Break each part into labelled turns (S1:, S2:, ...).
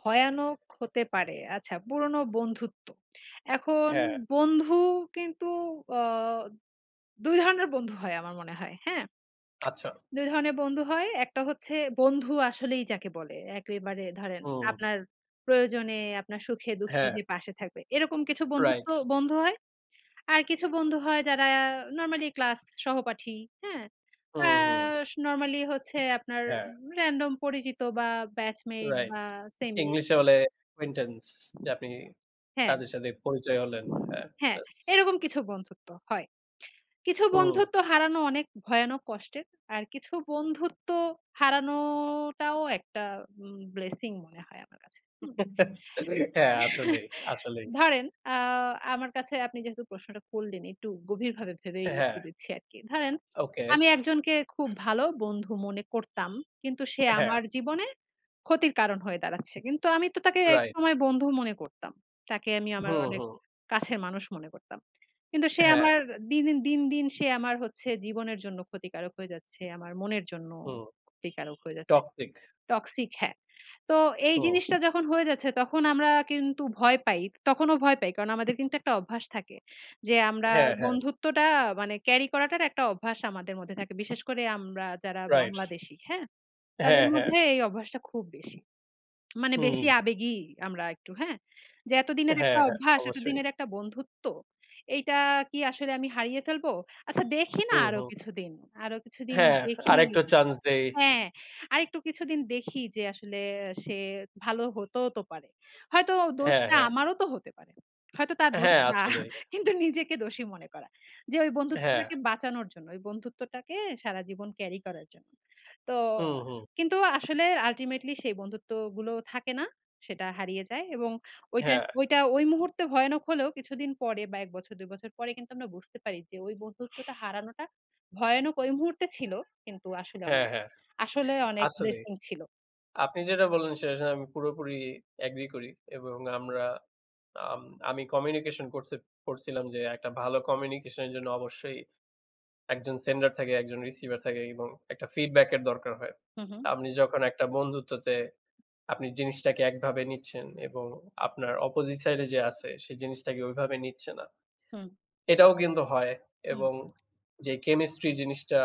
S1: ভয়ানক হতে পারে। আচ্ছা, পুরনো বন্ধুত্ব, এখন
S2: হ্যাঁ।
S1: বন্ধু কিন্তু অ ২ ধরনের বন্ধু হয় আমার মনে হয়, হ্যাঁ।
S2: আচ্ছা।
S1: ২ ধরনের বন্ধু হয়। একটা হচ্ছে বন্ধু আসলেই যাকে বলে। একেবারে ধরেন,
S2: হুম।
S1: আপনার প্রয়োজনে, আপনার সুখে-দুঃখে
S2: হ্যাঁ।
S1: যে পাশে থাকবে, এরকম কিছু বন্ধুত্ব
S2: রাইট।
S1: বন্ধু হয়। আর কিছু বন্ধু হয় যারা নরমালি ক্লাস সহপাঠী, হ্যাঁ। আ
S2: হুম, হুম।
S1: স নরমালি হচ্ছে আপনার
S2: হ্যাঁ।
S1: র‍্যান্ডম পরিচিত ব্যাচমেট
S2: রাইট,
S1: বা সেম এজ।
S2: ইংলিশে বলে কুইন্টেন্স, যে আপনি
S1: হ্যাঁ।
S2: তাদের সাথে পরিচয় হলেন হ্যাঁ।
S1: হ্যাঁ,
S2: ইয়েস।
S1: এরকম কিছু বন্ধুত্ব হয়। কিছু
S2: হুম।
S1: বন্ধুত্ব হারানো অনেক ভয়ানক কষ্টের। আর কিছু বন্ধুত্ব হারানোটাও একটা উ ব্লেসিং মনে হয় আমার কাছে হুম।
S2: হ্যাঁ, আসলেই, আসলেই।
S1: ধরেন, আ আমার কাছে আপনি যেহেতু প্রশ্নটা করলেন, একটু গভীরভাবে ভেবেই
S2: এ হ্যাঁ।
S1: উত্তর দিচ্ছি আরকি। ধরেন,
S2: ওকে।
S1: আমি একজনকে খুব ভালো বন্ধু মনে করতাম, কিন্তু সে
S2: হ্যাঁ।
S1: আমার জীবনে ক্ষতির কারণ হয়ে দাঁড়াচ্ছে, কিন্তু আমি তো তাকে
S2: রাইট।
S1: একসময় বন্ধু মনে করতাম। তাকে আমি আমার
S2: হুম,
S1: অনেক
S2: হুম।
S1: কাছের মানুষ মনে করতাম। কিন্তু সে
S2: হ্যাঁ।
S1: আমার দিন, দিন, দিন, দিন সে আমার হচ্ছে জীবনের জন্য ক্ষতিকারক হয়ে যাচ্ছে। আমার মনের জন্যও
S2: হুম।
S1: ক্ষতিকারক হয়ে যাচ্ছে।
S2: টক্সসিক।
S1: টক্সিক হ্যাঁ। তো এই
S2: হু।
S1: জিনিসটা যখন হয়ে যাচ্ছে তখন আমরা কিন্তু ভয় পাই। তখনও ভয় পাই কারণ আমাদের কিন্তু একটা অভ্যাস থাকে যে আমরা
S2: হ্যাঁ, হ্যাঁ।
S1: বন্ধুত্বটা মানে ক্যারি করাটার একটা অভ্যাস আমাদের মধ্যে থাকে। বিশেষ করে আমরা যারা
S2: রাইট,
S1: বাংলাদেশি, হ্যাঁ, তাদের
S2: হ্যাঁ, হ্যাঁ।
S1: মধ্যে এই অভ্যাসটা খুব বেশি। মানে বেশি
S2: হুম।
S1: আবেগী আমরা একটু, হ্যাঁ। যে এতদিনের একটা
S2: হ্যাঁ, হ্যাঁ,
S1: অভ্যাস,
S2: অবশ্যই।
S1: এতদিনের একটা বন্ধুত্ব, এইটা কি আসলে আমি হারিয়ে ফেলবো? আচ্ছা দেখি না
S2: হুম,
S1: আরও
S2: হুম।
S1: কিছুদিন। আরও কিছুদিন
S2: হ্যাঁ,
S1: দেখি,
S2: আরেকটা চাঞ্চ দেই।
S1: হ্যাঁ। আরেকটু কিছুদিন দেখি যে আসলে সে ভালো হতেও তো পারে। হয়তো
S2: হ্যাঁ,
S1: দোষটা
S2: হ্যাঁ।
S1: আমারও তো হতে পারে। হয়তো তার দোষ
S2: হ্যাঁ,
S1: না।
S2: আসলেই।
S1: কিন্তু নিজেকে দোষী মনে করা যে ওই
S2: হ্যাঁ।
S1: বন্ধুত্বটাকে বাঁচানোর জন্য, ওই বন্ধুত্বটাকে সারা জীবন ক্যারি করার জন্য। তো
S2: হু, হু।
S1: কিন্তু আসলে আল্টিমেটলি সেই বন্ধুত্বগুলো থাকে না। সেটা হারিয়ে যায় এবং ওইটা
S2: হ্যাঁ।
S1: ওইটা ওই মুহূর্তে ভয়ানক হলেও কিছুদিন পরে বা ১ বছর ২ বছর পরে কিন্তু আমরা বুঝতে পারি যে ওই বন্ধুত্বটা হারানোটা ভয়ানক ওই মুহূর্তে ছিল কিন্তু আসলে
S2: হ্যাঁ,
S1: অনেক,
S2: হ্যাঁ,
S1: আসলে অনেক
S2: আসলেই।
S1: ব্লেসিং ছিল।
S2: আপনি যেটা বললেন সেটার সাথে আমি পুরোপুরি অ্যাগ্রি করি। এবং আমরা, আম আমি কমিনিউকেসন কোর্সে পড়ছিলাম যে একটা ভালো কমিনিউকেসন এর জন্য অবশ্যই একজন সেন্ডার থাকে, একজন রিসিভার থাকে এবং একটা ফিটব্যাক-এর দরকার হয়।
S1: হু,
S2: তো
S1: হু।
S2: আপনি যখন একটা বন্ধুত্বতে আপনি জিনিসটাকে একভাবে নিচ্ছেন এবং আপনার অপজিট সাইড এ যে আছে সে জিনিসটাকে ওইভাবে নিচ্ছে না।
S1: হু।
S2: এটাও কিন্তু হয়
S1: হু।
S2: এবং যে ক্যামেস্ট্রি জিনিসটা,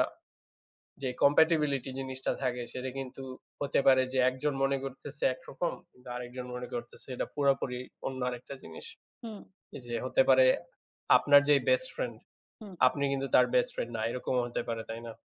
S2: যে কম্পেটিব্লিটি জিনিসটা থাকে সেটা কিন্তু হতে পারে যে একজন মনে করতেছে একরকম, কিন্তু আরেকজন মনে করতেছে এটা পুরোপুরি অন্য আরেকটা জিনিস।
S1: হু।
S2: এইযে হতে পারে আপনার যে বেস্ট ফ্রেন্ড,
S1: হু।
S2: আপনি কিন্তু তার বেস্ট ফ্রেন্ড না, এরকমও হতে পারে, তাই না?